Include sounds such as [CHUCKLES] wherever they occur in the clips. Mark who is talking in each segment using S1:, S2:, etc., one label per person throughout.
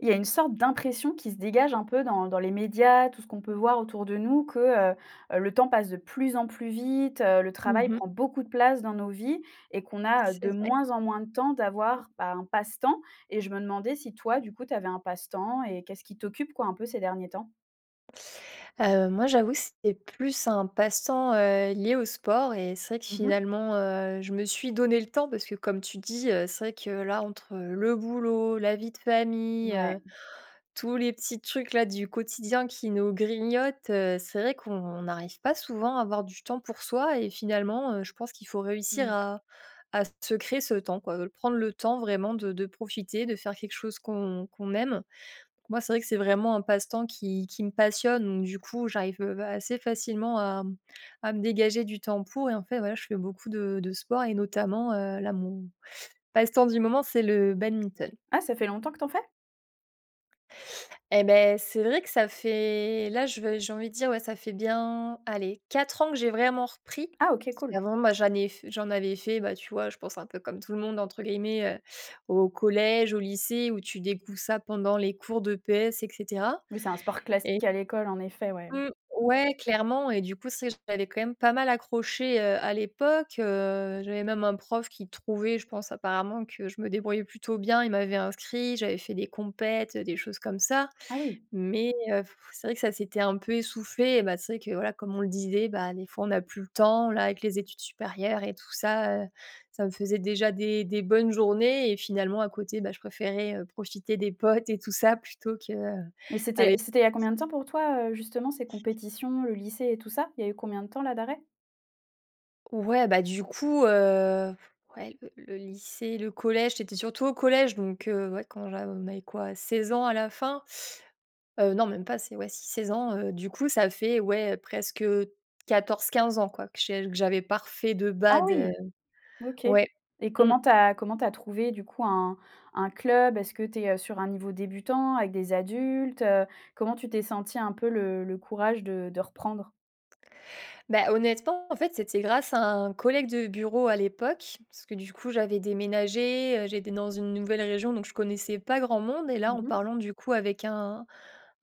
S1: Il y a une sorte d'impression qui se dégage un peu dans dans les médias, tout ce qu'on peut voir autour de nous, que, heu, heu, le temps passe de plus en plus vite, heu, le
S2: Mmh
S1: travail
S2: mh.
S1: prend beaucoup de place dans nos vies et qu'on a, heu, de
S2: C'est vrai.
S1: moins en moins de temps d'avoir, ben, un passe-temps. Et je me demandais si toi, du coup, tu avais un passe-temps et qu'est-ce qui t'occupe, quoi, un peu ces derniers temps?
S2: Heu, moi, j'avoue, c'est plus un passe-temps, heu, lié au sport et c'est vrai que
S1: Mmh mh.
S2: finalement, heu, je me suis donnée le temps parce que comme tu dis, heu, c'est vrai que là entre le boulot, la vie de famille, heu,
S1: Mouais.
S2: tous les petits trucs-là du quotidien qui nous grignotent, heu, c'est vrai qu'on n'arrive pas souvent à avoir du temps pour soi. Et finalement, heu, je pense qu'il faut réussir
S1: Mmh.
S2: à à se créer ce temps quoi, de prendre le temps vraiment de de profiter, de faire quelque chose qu'on qu'on aime. Pour moi, c'est vrai que c'est vraiment un passe-temps, qui qui me passionne, donc du coup, j'arrive, heu, assez facilement à, hem, à me dégager du temps pour et en fait, voilà, je fais beaucoup de de sport et notamment, heu, là, mon passe-temps du moment, c'est le badminton.
S1: Ah, ça fait longtemps que tu en fais?
S2: Et beh, c'est vrai que ça fait là, je veux j'ai envie de dire, ouais, ça fait bien, allez 4 ans que j'ai vraiment repris.
S1: Ah OK,
S2: Parce
S1: cool.
S2: qu'avant, ben, j'en ai f j'en avais fait, bah, tu vois je pense un peu comme tout le monde entre guillemets, heu, au collège au lycée où tu découvres ça pendant les cours d'EPS et cetera
S1: Oui c'est un sport
S2: et
S1: classique à l'école en effet ouais.
S2: Mmh, ouais clairement et du coup c'est vrai j'avais quand même pas mal accroché, heu, à l'époque, heu, j'avais même un prof qui trouvait je pense, apparemment, que je me débrouillais plutôt bien, il m'avait inscrit, j'avais fait des compètes, heu, des choses comme ça!
S1: Ah oui.
S2: Mais c'est vrai, heu, que ça s'était un peu essoufflé et ben, c'est vrai que, voilà, comme on le disait, bah, des fois on n'a plus le temps là avec les études supérieures et tout ça, heu, ça me faisait déjà des des bonnes journées et finalement à côté, beh, je préférais, heu, profiter des potes et tout ça plutôt que, heu,
S1: Mais c'était
S2: aller
S1: c'était il y a combien de temps pour toi, heu, justement ces compétitions le lycée et tout ça? Il y a eu combien de temps là d'arrêt?
S2: Ouais, bah, du coup, heu, f ouais le le lycée, le collège, c'était surtout au collège donc, heu, ouais quand j'a on a eu quoi 16 ans à la fin, heu, non même pas c'est ouais si, 16 ans, heu, du coup ça fait ouais presque, heu, 14-15 ans quoi, que j que j'avais pas refait de
S1: Ah
S2: badminton, heu,
S1: oui! OK
S2: ouais.
S1: et
S2: Mmh.
S1: comment tu as comment tu as trouvé du coup un un club? Est-ce que tu es, heu, sur un niveau débutant avec des adultes, heu? Comment tu t'es sentie un peu le le courage de de reprendre?
S2: Beh, honnêtement en fait, c'était grâce à un collègue de bureau à l'époque, parce que du coup j'avais déménagé, heu, j'étais dans une nouvelle région donc je connaissais pas grand monde et là,
S1: Mmh
S2: en
S1: mh.
S2: parlant du coup avec un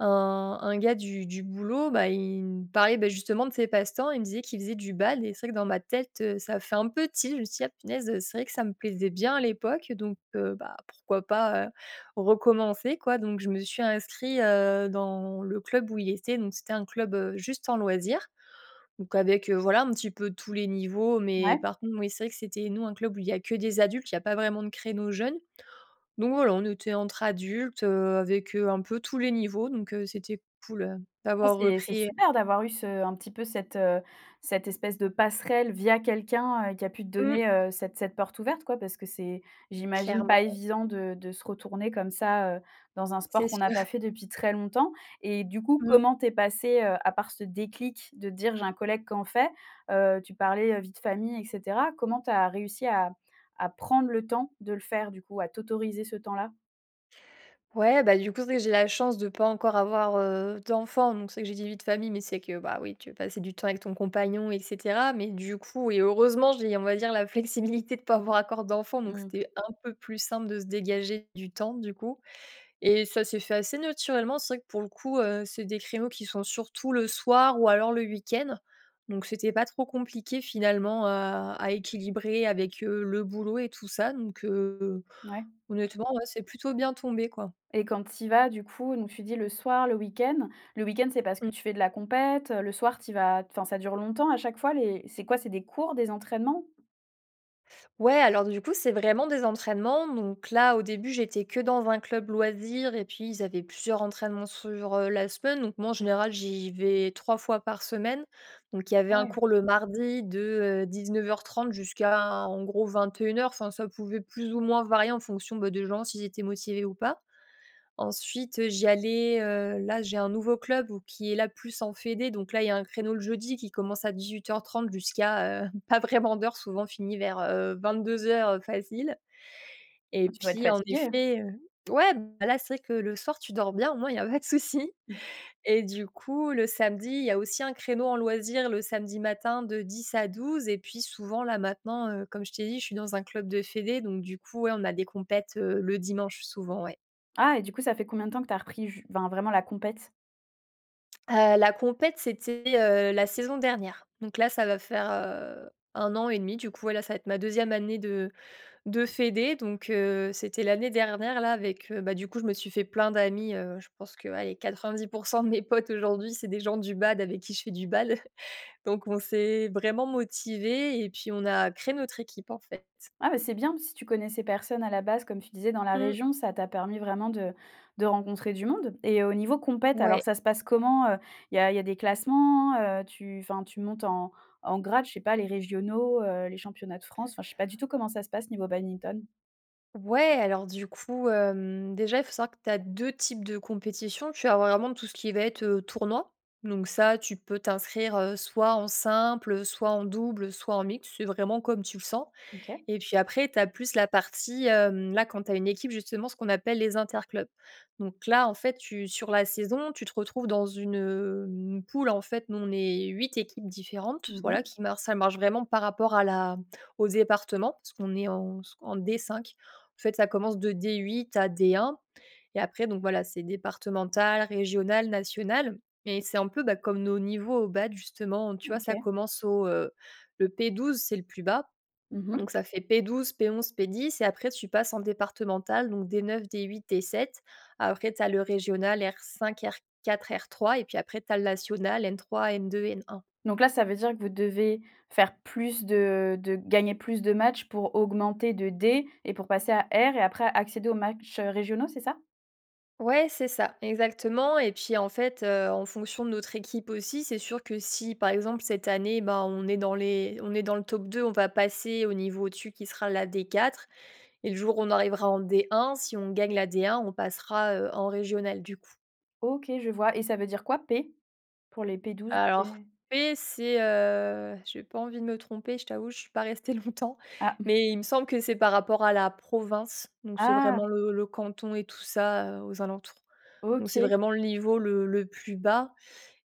S2: un un gars du du boulot, bah, il me parlait, bah, justement de ses passe-temps, il me disait qu'il faisait du badminton et c'est vrai que dans ma tête, heu, ça fait un peu tilt, je me suis dit: «Ah punaise, heu, c'est vrai que ça me plaisait bien à l'époque donc, heu, bah, pourquoi pas, heu, recommencer quoi?». Donc je me suis inscrit, heu, dans le club où il était. Donc c'était un club, heu, juste en loisir. Donc avec, heu, voilà un petit peu tous les niveaux mais
S1: Ouais.
S2: par contre, oui c'est vrai que c'était nous un club où il y a que des adultes, il y a pas vraiment de créneau jeunes. Donc voilà, on était entre adultes, heu, avec, heu, un peu tous les niveaux, donc, heu, c'était cool, heu,
S1: Ah
S2: d'avoir
S1: c'est c'est
S2: repris, heu.
S1: super d'avoir eu ce un petit peu cette, heu, cette espèce de passerelle via quelqu'un, heu, qui a pu te
S2: Mmh.
S1: donner, heu, cette cette porte ouverte quoi parce que c'est j'imagine pas
S2: Clairement.
S1: évident de de se retourner comme ça, heu, dans un
S2: C'est
S1: sport
S2: sûr.
S1: qu'on n'a pas
S2: [CHUCKLES]
S1: fait depuis très longtemps et du coup
S2: Mmh.
S1: comment tu es passée, heu, à part ce déclic de dire: «J'ai un collègue qui en fait». Heu, tu parlais, heu, vie de famille et cetera, comment tu as réussi à à prendre le temps de le faire du coup? À t'autoriser ce temps-là?
S2: Ouais, bah, du coup c'est vrai que j'ai la chance de pas encore avoir, heu, d'enfant donc c'est que j'ai dit: "vie de famille" mais c'est que, bah, oui tu veux passer du temps avec ton compagnon et cetera mais du coup et heureusement j'ai on va dire la flexibilité de pas avoir encore d'enfant donc
S1: Mmh.
S2: c'était un peu plus simple de se dégager du temps du coup et ça s'est fait assez naturellement. C'est vrai que pour le coup, heu, c'est des créneaux qui sont surtout le soir ou alors le week-end. Donc c'était pas trop compliqué finalement à à équilibrer avec, heu, le boulot et tout ça donc, heu, heu,
S1: Ouais.
S2: honnêtement ouais c'est plutôt bien tombé quoi.
S1: Et quand tu y vas du coup, donc tu dis le soir le week-end. Le week-end c'est parce
S2: Mmh.
S1: que tu fais de la compète, heu, le soir tu y vas, enfin, ça dure longtemps à chaque fois? Les c'est quoi? C'est des cours, des entraînements?
S2: Ouais alors du coup c'est vraiment des entraînements. Donc là, au début j'étais que dans un club loisir et puis ils avaient plusieurs entraînements sur, heu, la semaine donc moi en général j'y vais 3 fois par semaine. Donc il y avait
S1: Ah
S2: un
S1: ouais.
S2: cours le mardi de, heu, 19:30 jusqu'à en gros 21:00. Enfin ça pouvait plus ou moins varier en fonction, beh, des gens s'ils étaient motivés ou pas. Ensuite, heu, j'y allais, heu, là, j'ai un nouveau club où qui est là plus en fédération donc là il y a un créneau le jeudi qui commence à 18:30 jusqu'à, heu, pas vraiment d'heure souvent on finit vers, heu, 22:00, heu, facile et
S1: Bah, tu dois être
S2: puis en
S1: fatiguée, hein?
S2: effet, heu ouais, beh, là c'est que le soir tu dors bien au moins il y a pas de souci.
S1: [CHUCKLES]
S2: et du coup le samedi il y a aussi un créneau en loisir le samedi matin de 10 à 12 et puis souvent là maintenant, heu, comme je t'ai dit, je suis dans un club de fédé donc du coup, ouais, on a des compètes, heu, le dimanche souvent, ouais.
S1: Ah et du coup ça fait combien de temps que tu as repris ju enfin vraiment la compétition?
S2: Heu, la compète c'était, heu, la saison dernière. Donc là ça va faire, heu, 1 an et 1/2 du coup. Ouais là, ça va être ma 2e année de de fédé. Donc, heu, c'était l'année dernière là avec, heu bah, du coup je me suis fait plein d'amis, heu, je pense que allez 90 % de mes potes aujourd'hui c'est des gens du badminton avec qui je fais du bal. Donc on s'est vraiment motivés et puis on a créé notre équipe en fait.
S1: Ah, bah, c'est bien, si tu connaissais personne à la base comme tu disais dans la
S2: Mmh.
S1: région. Ça t'a permis vraiment de de rencontrer du monde. Et au niveau compète alors
S2: Ouais.
S1: ça se passe comment, heu? Il y a il y a des classements, heu? Tu enfin tu montes en en grade je sais pas les régionaux, heu, les championnats de France? Enfin, je sais pas du tout comment ça se passe niveau badminton.
S2: Ouais, alors du coup, hem, déjà il faut savoir que tu as 2 types de compétition. Tu as vraiment tout ce qui va être, heu, tournoi, donc ça tu peux t'inscrire, heu, soit en simple, heu, soit en double, heu, soit en mixte, c'est vraiment comme tu le sens.
S1: OK.
S2: Et puis après tu as plus la partie, hem, là quand tu as une équipe justement, ce qu'on appelle les interclubs. Donc là en fait tu sur la saison tu te retrouves dans une, hem, poule en fait nous on est 8 équipes différentes
S1: Mmh
S2: voilà
S1: mh.
S2: qui mar ça marche vraiment par rapport à la au département parce qu'on est en s en D5. En fait ça commence de D8 à D1 et après donc voilà c'est départemental, régional, national et c'est un peu, bah, comme nos niveaux au badminton justement tu vois ça
S1: OK.
S2: commence au, heu, le P12 c'est le plus bas
S1: Mmh mh.
S2: donc ça fait: P12, P11, P10. Et après tu passes en départemental donc D9, D8, D7. Après tu as le régional R5 R4 R3 et puis après tu as le national N3 N2 N1.
S1: Donc là ça veut dire que vous devez faire plus de de gagner plus de matchs pour augmenter de D et pour passer à R et après à accéder aux matchs, heu, régionaux c'est ça?
S2: Ouais, c'est ça exactement et puis en fait, heu, en fonction de notre équipe aussi c'est sûr que si par exemple cette année, bah, on est dans les on est dans le top 2 on va passer au niveau au dessus qui sera la D4. Et le jour où on arrivera en D1, si on gagne la D1, on passera, heu, en régionale du coup.
S1: OK, je vois et ça veut dire quoi P? Pour les P12,
S2: Alors
S1: P
S2: P c'est, heu j'ai pas envie de me tromper, je t'avoue, je suis pas restée longtemps.
S1: Ah. [CHUCKLES]
S2: Mais il me semble que c'est par rapport à la province, donc c'est
S1: Ah!
S2: vraiment le le canton et tout ça, heu, aux alentours. Donc c'est
S1: OK.
S2: vraiment le niveau le le plus bas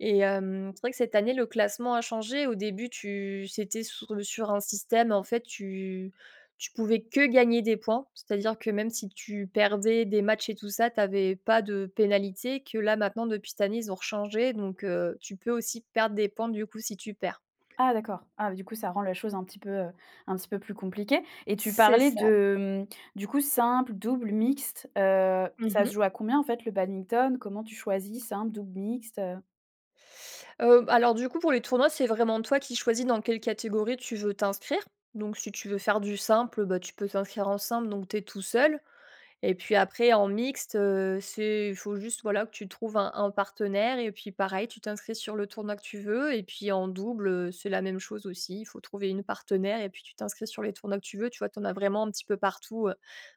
S2: et hem, c'est vrai que cette année le classement a changé. Au début tu c'était sur le sur un système en fait tu tu pouvais que gagner des points, c'est-à-dire que même si tu perdais des matchs et tout ça, tu avais pas de pénalité, que là maintenant depuis cette année ils ont rechangé donc, heu, tu peux aussi perdre des points du coup si tu perds.
S1: Ah d'accord, ah bah, du coup ça rend les choses un petit peu, heu, un petit peu plus compliquées. Et tu
S2: C'est
S1: parlais
S2: ça.
S1: de, mmh, du coup simple double mixte, heu,
S2: Mmh
S1: ça se
S2: mh.
S1: joue à combien en fait le badminton? Comment tu choisis simple double mixte, heu?
S2: Heu, alors, du coup, pour les tournois c'est vraiment toi qui choisis dans quelle catégorie tu veux t'inscrire. Donc, si tu veux faire du simple, bah, tu peux t'inscrire en simple, donc tu es tout seul. Et puis, après, en mixte, heu, c'est, faut juste, voilà, que tu trouves un un partenaire. Et puis, pareil, tu t'inscris sur le tournoi que tu veux. Et puis, en double c'est la même chose aussi, il faut trouver une partenaire et puis tu t'inscris sur les tournois que tu veux. Tu vois, tu en as vraiment un petit peu partout, heu,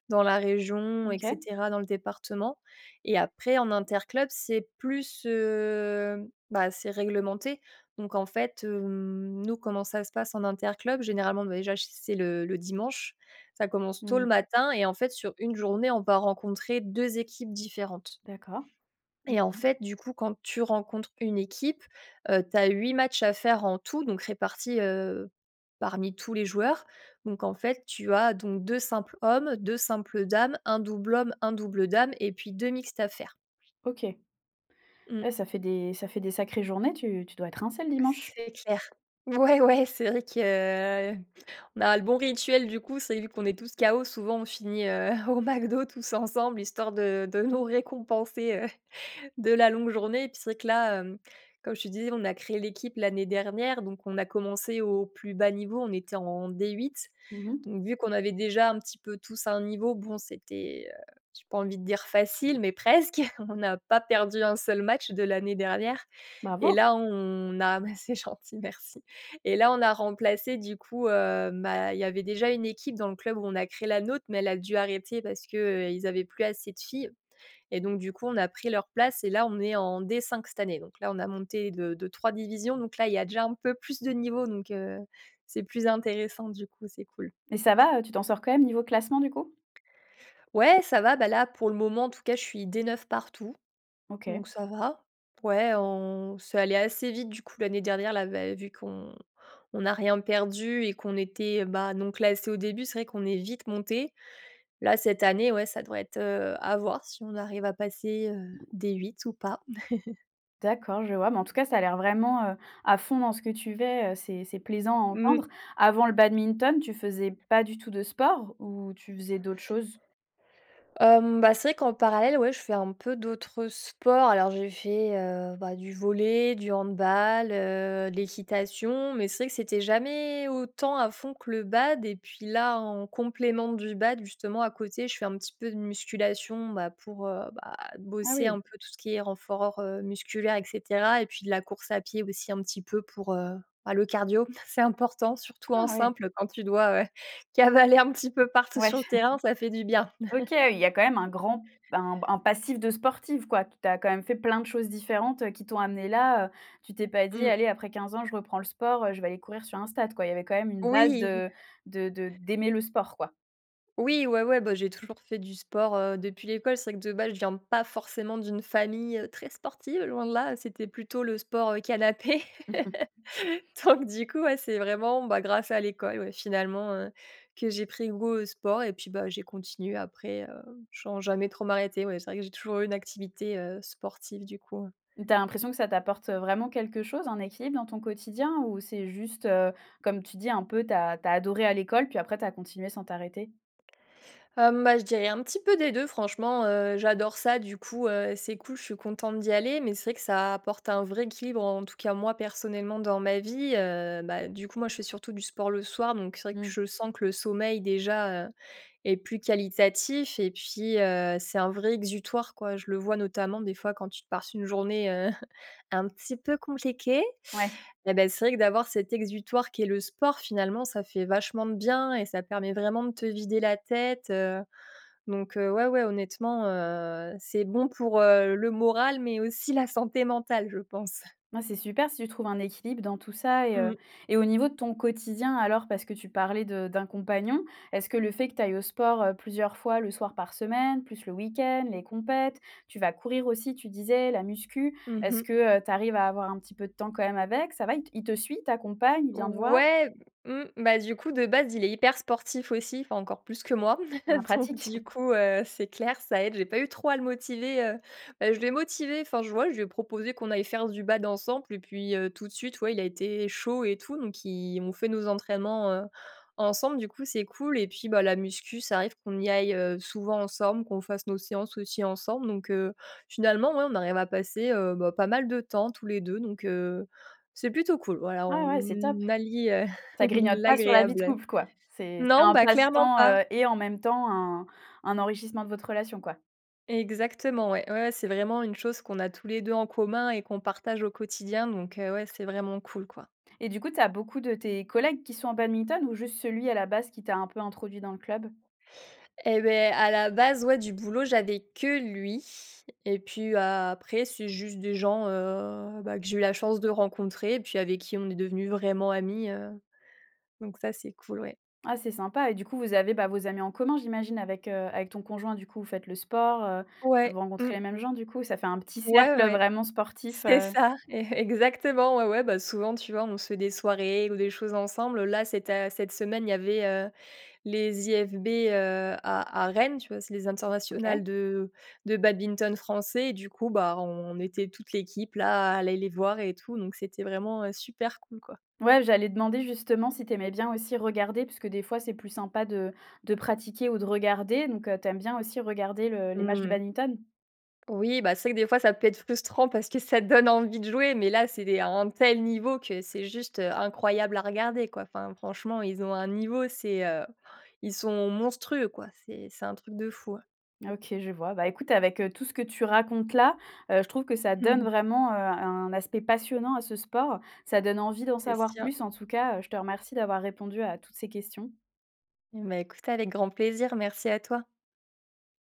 S2: dans la région et
S1: OK.
S2: cetera, dans le département. Et après, en interclub, c'est plus, heu, bah, c'est réglementé. Donc, en fait, hem, nous, comment ça se passe en interclub? Généralement, bah déjà, c'est le le dimanche, ça commence tôt le
S1: Mmh.
S2: matin et, en fait, sur une journée, on va rencontrer 2 équipes différentes
S1: D'accord. Mmh
S2: et en
S1: mh.
S2: fait, du coup, quand tu rencontres une équipe, heu, tu as 8 matchs à faire en tout, donc répartis, heu, parmi tous les joueurs. Donc, en fait, tu as donc 2 simples hommes, 2 simples dames, un double homme, un double dame et puis 2 mixtes à faire.
S1: OK.
S2: Mmh.
S1: Ouais, ça fait des ça fait des sacrées journées. Tu tu dois être rincé le dimanche.
S2: C'est clair. Ouais, ouais! C'est vrai que heu, on a le bon rituel, du coup. C'est vu qu'on est tous chaos, souvent, on finit, heu, au McDo tous ensemble, histoire de de nous récompenser, heu de la longue journée. Puis, c'est que là, comme tu disais, on a créé l'équipe l'année dernière, donc on a commencé au plus bas niveau. On était en D8.
S1: Mmh mh.
S2: Donc, vu qu'on avait déjà un petit peu tous à un niveau, bon, c'était, heu, j'ai pas envie de dire facile, mais presque. On n'a pas perdu un seul match de l'année dernière. Et
S1: Bravo!
S2: là, on a c'est gentil, merci et là, on a remplacé, du coup heu, bah, il y avait déjà une équipe dans le club où on a créé la nôtre, mais elle a dû arrêter parce qu'ils avaient plus assez de filles. Et donc, du coup, on a pris leur place. Et là, on est en D5 cette année. Donc là, on a monté de de 3 divisions, donc là, il y a déjà un peu plus de niveau. Donc, heu, c'est plus intéressant, du coup, c'est cool.
S1: Et ça va, heu, tu t'en sors quand même niveau classement, du coup?
S2: Ouais, ça va! Là, pour le moment, en tout cas, je suis D9 partout.
S1: OK.
S2: Donc ça va. Ouais, on c'est allé assez vite, du coup, l'année dernière. Là, vu qu'on on n'a rien perdu et qu'on était, bah, non classés au début, c'est vrai qu'on est vite montés. Là, cette année, ouais, ça doit être, heu, à voir si on arrive à passer, heu, D8 ou pas. [CHUCKLES]
S1: D'accord, je vois. Mais en tout cas, ça a l'air vraiment, heu, à fond dans ce que tu fais, heu, c'est c'est plaisant à
S2: Mmh.
S1: entendre. Avant le Badminton, tu faisais pas du tout de sport ou tu faisais d'autres choses?
S2: Hem, bah, c'est vrai qu'en parallèle, ouais, je fais un peu d'autres sports. Alors, j'ai fait, heu, bah, du volley, du handball, heu, de l'équitation. Mais c'est vrai que c'était jamais autant à fond que le bad. Et puis là, en complément du bad, justement, à côté, je fais un petit peu de musculation, bah, pour, heu, bah, heu,
S1: Ah
S2: bosser
S1: oui.
S2: un peu tout qui est renfort musculaire et cetera. Et puis de la course à pied aussi un petit peu pour, heu, bah, le cardio. C'est important, surtout
S1: Ah
S2: en
S1: oui.
S2: simple, quand tu dois, heu, cavaler un petit peu partout
S1: Ouais.
S2: sur le terrain, ça fait du bien.
S1: [CHUCKLES] OK, il y a quand même un grand un un passif de sportif, quoi. Tu as quand même fait plein de choses différentes qui t'ont amené là, heu. Tu t'es pas dit:
S2: Mmh.
S1: «Allez, après 15 ans, je reprends le sport, heu, je vais aller courir sur un stade», quoi. Il y avait quand même une base
S2: Oui!
S1: de, de de d'aimer le sport, quoi.
S2: Oui, ouais, ouais. Ben, j'ai toujours fait du sport, heu, depuis l'école. C'est vrai que, de base, je viens pas forcément d'une famille très sportive, loin de là. C'était plutôt le sport canapé.
S1: Mmh mh.
S2: [LAUGHS] Donc, du coup, ouais, c'est vraiment, bah, grâce à l'école, ouais, finalement, heu, que j'ai pris goût au sport. Et puis, bah, j'ai continué après, heu sans jamais trop m'arrêter. Ouais, c'est vrai que j'ai toujours eu une activité, heu, sportive, du coup.
S1: Tu as l'impression que ça t'apporte vraiment quelque chose en équilibre dans ton quotidien ou c'est juste, heu, comme tu dis, un peu tu as tu as adoré à l'école puis après tu as continué sans t'arrêter?
S2: Hum, bah, je dirais un petit peu des 2, franchement, heu, j'adore ça, du coup, heu, c'est cool, je suis contente d'y aller. Mais c'est vrai que ça apporte un vrai équilibre, en tout cas, moi, personnellement, dans ma vie, heu. Bah, du coup, moi, je fais surtout du sport le soir, donc c'est vrai que
S1: Mmh.
S2: je sens que le sommeil, déjà, heu, est plus qualitatif. Et puis, heu, c'est un vrai exutoire, quoi. Je le vois notamment, des fois, quand tu passes une journée, heu, un petit peu compliquée
S1: Ouais.
S2: et bah, c'est vrai que d'avoir cet exutoire qui est le sport, finalement, ça fait vachement de bien et ça permet vraiment de te vider la tête. Donc, heu, ouais, ouais, honnêtement, heu, c'est bon pour, heu, le moral mais aussi la santé mentale, je pense.
S1: Bah, c'est super si tu trouves un équilibre dans tout ça et
S2: Mmh
S1: heu,
S2: mh.
S1: et au niveau de ton quotidien, alors? Parce que tu parlais de d'un compagnon. Est-ce que le fait que tu ailles au sport, heu, plusieurs fois le soir par semaine, plus le week-end, les compètes, tu vas courir aussi, tu disais, la musculation.
S2: Mmh
S1: Est-ce
S2: mh.
S1: que, heu, tu arrives à avoir un petit peu de temps quand même avec ça va, il te suit, il t'accompagne, il vient te voir?
S2: Ouais, mmh, bah, du coup, de base, il est hyper sportif aussi, enfin encore plus que moi.
S1: En
S2: [CHUCKLES] Donc,
S1: pratique.
S2: du coup, heu, c'est clair, ça aide. J'ai pas eu trop à le motiver, heu. Ben, je l'ai motivé enfin, je vois, je lui ai proposé qu'on aille faire du bad ensemble et puis, heu, tout de suite, ouais, il a été chaud et tout. Donc il on fait nos entraînements, heu, ensemble, du coup. C'est cool et puis, bah, la musculation, ça arrive qu'on y aille souvent ensemble, qu'on fasse nos séances aussi ensemble. Donc heu, finalement, ouais, on arrive à passer, heu, bah, pas mal de temps tous les 2 donc heu c'est plutôt cool voilà
S1: Ouais, ouais, c'est top.
S2: on allie
S1: Ça grignote pas sur la vie de
S2: l'agréable.
S1: couple quoi? C'est c'est
S2: Non,
S1: un
S2: bah, clairement
S1: passe-temps,
S2: pas.
S1: heu, et en même temps un un enrichissement de votre relation, quoi.
S2: Exactement, ouais, ouais, ouais c'est vraiment une chose qu'on a tous les 2 en commun et qu'on partage au quotidien donc, heu, ouais c'est vraiment cool quoi.
S1: Et du coup, tu as beaucoup de tes collègues qui sont en badminton ou juste celui, à la base, qui t'a un peu introduit dans le club?
S2: Et beh, à la base, ouais, du boulot j'avais que lui et puis, bah, après c'est juste des gens, heu, bah, que j'ai eu la chance de rencontrer, puis avec qui on est devenu vraiment amis, heu, donc ça, c'est cool, ouais.
S1: Ah, c'est sympa et du coup vous avez, bah, vos amis en commun, j'imagine, avec, heu, avec ton conjoint du coup, vous faites le sport, heu, vous
S2: Ouais, mmh.
S1: rencontrez les mêmes gens du coup, ça fait un petit
S2: Ouais ouais
S1: cercle
S2: ouais,
S1: vraiment sportif,
S2: c'est
S1: heu.
S2: ça, é-exactement, ouais, ouais, bah, souvent, tu vois, on se fait des soirées, ou des choses ensemble là, c'éta cette semaine il y avait, heu, les IFB, heu, à à Rennes tu vois? C'est les internationales
S1: OK.
S2: de de badminton français et du coup, bah, on on était, toute l'équipe, là, à aller les voir et tout donc c'était vraiment, heu, super cool quoi.
S1: Ouais, j'allais demander, justement, si tu aimais bien aussi regarder, parce que des fois c'est plus sympa de de pratiquer ou de regarder donc, heu, tu aimes bien aussi regarder le les matchs de
S2: Mmh.
S1: badminton?
S2: Oui, bah, c'est vrai que des fois ça peut être frustrant parce que ça donne envie de jouer, mais, là, c'est des à un tel niveau que c'est juste, heu, incroyable à regarder quoi, enfin, franchement ils ont un niveau, c'est, heu, ils sont monstrueux quoi, c'est c'est un truc de fou, heu.
S1: Ah OK, je vois, bah, écoute avec, heu, tout ce que tu racontes là, heu, je trouve que ça
S2: Mmh
S1: donne
S2: mh.
S1: vraiment, heu, un aspect passionnant à ce sport, ça donne envie d'en
S2: C'est
S1: savoir
S2: sûr.
S1: plus en tout cas, heu, je te remercie d'avoir répondu à toutes ces questions.
S2: Mmh, bah, écoute avec grand plaisir. Merci à toi.